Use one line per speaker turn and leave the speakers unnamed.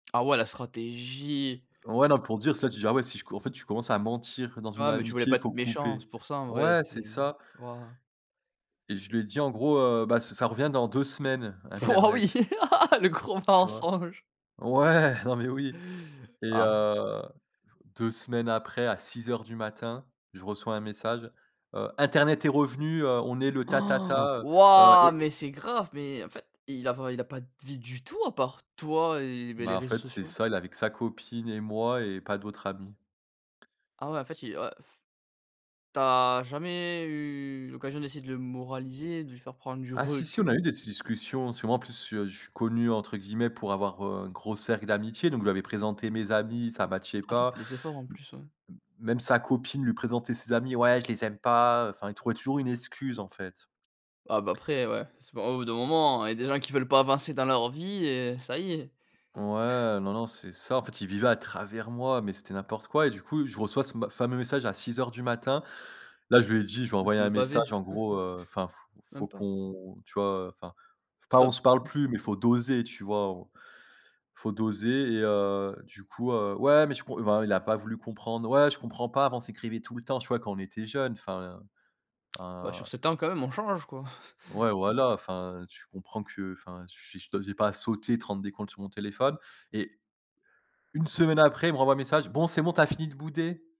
Ah ouais la stratégie.
Ouais, non, pour dire soit tu dis: «Ah ouais si je co en fait, tu commences à mentir dans une
Ouais mais tu voulais
amitié,
pas
il faut
être méchant,
couper»
c'est pour ça, en vrai.
ouais,
Tu
c'est
es
ça
waouh.
et je lui ai dit en gros, heu: «Bah ça ça revient dans 2 semaines,
Po oui,
internet
le gros
tu vois?
mensonge.
Ouais, non mais oui et
Ah.
heu, 2 semaines après à 06:00 du matin, je reçois un message, heu: «Internet est revenu, heu, on est le
Han,
tatata». Heu heu,
ouah,
et
mais
et
c'est grave, mais en fait, il a pas il a pas de vie du tout à part toi et beh,
Bah
les
en
réseaux
fait, c'est
sociaux.
ça, il avait que sa copine et moi et pas d'autres amis.
Ah ouais, en fait, il a ouais. Tu as jamais eu l'occasion d'essayer de le moraliser, de lui faire prendre du
Ah si si on a eu
recul
des s discussions, si moi en plus, je suis «connu» entre guillemets pour avoir, heu, un gros cercle d'amitié, donc je lui avais présenté mes amis, ça matchait
Attends tu
pas.
fais des efforts en plus, ouais.
Même sa copine lui présentait ses amis «ouais je les aime pas» enfin, il trouvait toujours une excuse, en fait.
Ah bah, après ouais, c'est pas au bout d'un moment, il y a des gens qui veulent pas avancer dans leur vie et ça y est.
Ouais non, non, c'est ça en fait, il vivait à travers moi, mais c'était n'importe quoi et du coup je reçois ce ma ce fameux message à 06:00 du matin, là je lui ai dit je lui ai
Le
envoyé
fameux
un
pavé.
message en gros, enfin: «faut faut
Même pas.
qu'on, tu vois, enfin pas on
Stop.
se parle
[unintelligible]
plus, mais il faut doser», tu vois? On faut doser et heu, du coup, heu ouais mais tu com enfin il a pas voulu comprendre, «ouais je comprends pas, avant on s'écrivait tout le temps, tu vois, quand on était jeune». Enfin,
Bah sur
un
7 ans quand même on change, quoi.
Ouais voilà, enfin tu comprends que, enfin je suis je te j'ai pas à pas sauter, te rendre des comptes sur mon téléphone et 1 semaine après il me renvoie un message: «Bon, c'est bon tu as fini de bouder?»